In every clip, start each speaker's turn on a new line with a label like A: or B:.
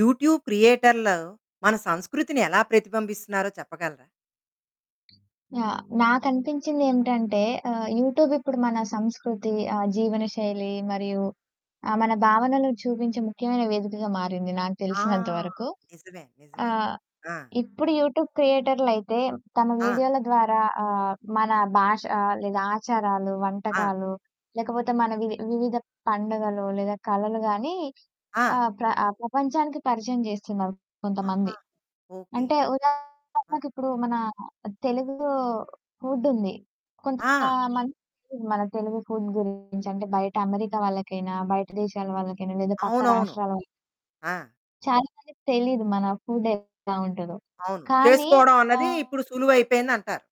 A: YouTube క్రియేటర్లు మన సంస్కృతిని ఎలా ప్రతిబింబిస్తున్నారో చెప్పగలరా?
B: యాహ్! నాకనిపించిందేంటంటే ఆహ్, యూట్యూబ్ ఇప్పుడు మన సంస్కృతి, ఆహ్, జీవన శైలి మరియు ఆహ్, మన భావనలు చూపించే ముఖ్యమైన వేదికగా మారింది నాకు
A: ఆ!
B: తెలిసినంత వరకు.
A: నిజమే. నిజమేను.
B: ఆహ్,
A: ఆ!
B: ఇప్పుడు యూట్యూబ్ క్రియేటర్లయితే తమ
A: ఆ!
B: వీడియోల ద్వారా ఆహ్, మన భాష లేదా ఆచారాలు,
A: ఆ!
B: వంటకాలు, లేకపోతే మన వి వివిధ పండగలు లేదా కళలు గాని,
A: ఆ!
B: ఆహ్, ప్ర ఆ ప్రపంచానికి పరిచయం జేస్తున్నారు
A: ఆహా!
B: కొంతమంది.
A: ఓకే.
B: అంటే,
A: ఆ!
B: ఉదాహరణకి ఇప్పుడు మన తెలుగు ఫుడుంది. కొంత
A: ఆ!
B: మందికి తెలీదు మన తెలుగు ఫుడ్ గురించి. అంటే, బయట అమెరికా వాళ్ళకైనా, బయట దేశాల వాళ్ళకైనా, లేదా పక్క
A: అవునవును.
B: రాష్ట్రాలవై
A: ఆ!
B: చాలా మందికి తెలీదు. మన ఫుడ్ ఎట్లా ఉంటదో.
A: అవును.
B: కానీ,
A: చేసుకోవడం అన్నది
B: ఆహ్
A: ఇప్పుడు సులువయిపోయిందంటారు.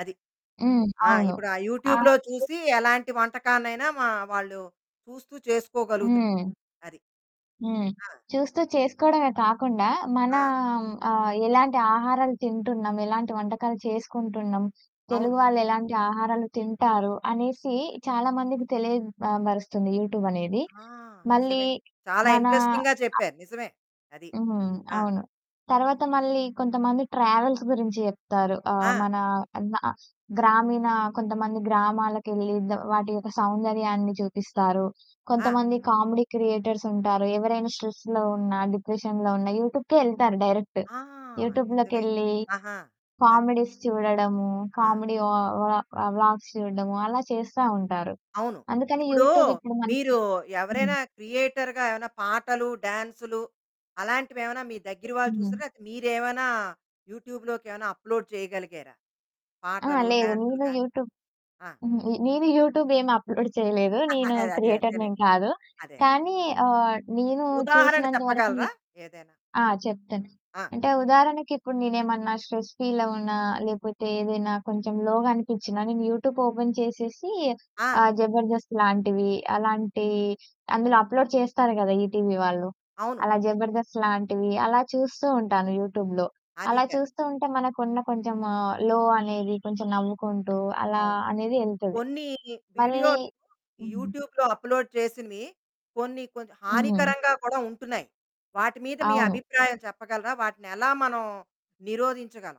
A: అది.
B: హ్మ్.
A: ఆ!
B: అవును.
A: ఇప్పుడు ఆ
B: ఆ!
A: యూట్యూబ్‌లో
B: చేసి
A: చూసి ఎలాంటి వంటకానైనా మా వాళ్ళు చూస్తూ చేసుకోగలుగుతున్
B: హ్మ్.
A: అది.
B: హ్మ్.
A: ఆ!
B: చూస్తూ చేసుకోవడమే కాకుండా,
A: ఆ!
B: మనాం ఆహ్, ఎలాంటి ఆహారాలు తింటున్నాం? ఎలాంటి వంటకాలు చేసుకుంటున్నాం?
A: అవును.
B: తెలుగు వాళ్ళు ఎలాంటి ఆహారాలు తింటారు? అనేసి చాలా మందికి తెలియ ఆహ్, బరుస్తుంది యూట్యూబనేది.
A: ఆ!
B: మళ్ళీ
A: నిజమే. చాలా
B: మనా
A: ఇంట్రెస్టింగ్‌గా
B: ఆ!
A: చెప్పారు. నిజమే. అది.
B: హ్మ్.
A: ఆ!
B: అవును. తరవాత మళ్ళీ కొంతమంది ట్రావెల్స్ గురించి చెప్తారు. ఆహ్,
A: ఆ!
B: మనా నా గ్రామీణ కొంతమంది గ్రామాలకెళ్లి దో వాటి యొక్క సౌందర్యాన్ని చూపిస్తారు.
A: ఆ!
B: కొంతమంది కామెడీ క్రియేటర్స్ ఉంటారు ఎవరైనా స్ట్రెస్‌లో ఉన్నా, డిప్రెషన్‌లో ఉన్నా, యూట్యూబ్‌కే ఎళ్తారు డైరెక్ట్.
A: ఆ! నిజమే.
B: యూట్యూబ్‌లోకెళ్లి
A: ఆహా! అది.
B: కామెడీస్ చూడడము,
A: ఆ!
B: కామెడీ వా వ్లా వ్లా వ్లాగ్స్ చూడడము, అలా చేస్తా ఉంటారు.
A: అవును.
B: అందుకని
A: ఇప్పుడు
B: యూట్యూబ్ ఇప్పుడు మనకి
A: మీరు
B: హ్మ్.
A: ఎవరైనా క్రియేటర్‌గా ఏమైనా పాటలు, డాన్సులు అలాంటివి ఏమైనా మీ దగ్గిర వాళ్ళు
B: హ్మ్.
A: చూశారా? లేతె మీరేమైనా యూట్యూబ్‌లోకి ఏమైనా అప్‌లోడ్ చేయగలిగారా
B: ఆ!
A: పాటలు,
B: లేదు.
A: డాన్సులు
B: నేను
A: గాని?
B: యూట్యూబ్
A: ఆ!
B: హుహు. ఈ నేను యూట్యూబ్ ఏం అప్‌లోడ్ చేయలేదు. నేను
A: అదే,
B: క్రియేటర్ నేం
A: అదేలెండి.
B: కాదు.
A: అదే.
B: కానీ, ఆహ్, నేను
A: ఉదాహరణ
B: చూసినంత వరకునే
A: చెప్పగలరా ఏదైనా?
B: ఆ! చెప్తాను.
A: ఆ!
B: అంటే, ఉదాహరణకి ఇప్పుడు నేనేమన్నా స్ట్రెస్ ఫీలవునా, లేపోతే ఏదైనా కొంచెం లోగా అనిపిచ్చినా నేను యూట్యూబ్ ఓపెన్ చేసేసి
A: ఆ!
B: ఆహ్, 'జబర్దస్త్' లాంటివి, అలాంటి అందులో అప్‌లోడ్ చేస్తారు గదా! ఈటీవీ వాళ్ళు.
A: అవును.
B: అలా జబర్దస్త్ లాంటివి. అలా చూస్తూ ఉంటాను యూట్యూబ్‌లో.
A: అదీ
B: అలా
A: కరెక్ట్.
B: చూస్తూ ఉంటే మనకున్న కొంచెము లో అనేది కొంచెం నవ్వుకుంటూ అలా
A: అవును.
B: అనేది ఎళ్తది.
A: కొన్ని
B: మళ్ళీ
A: వీడియోలు
B: హ్మ్.
A: యూట్యూబ్‌లో అప్‌లోడ్ చేసినవి కొన్ని కొన్ని
B: హ్మ్.
A: హానికరంగా కూడా ఉంటున్నాయి. వాటి మీద మీ
B: అవును.
A: అభిప్రాయం చెప్పగలరా? వాటిని ఎలా మనం నిరోధించగలం?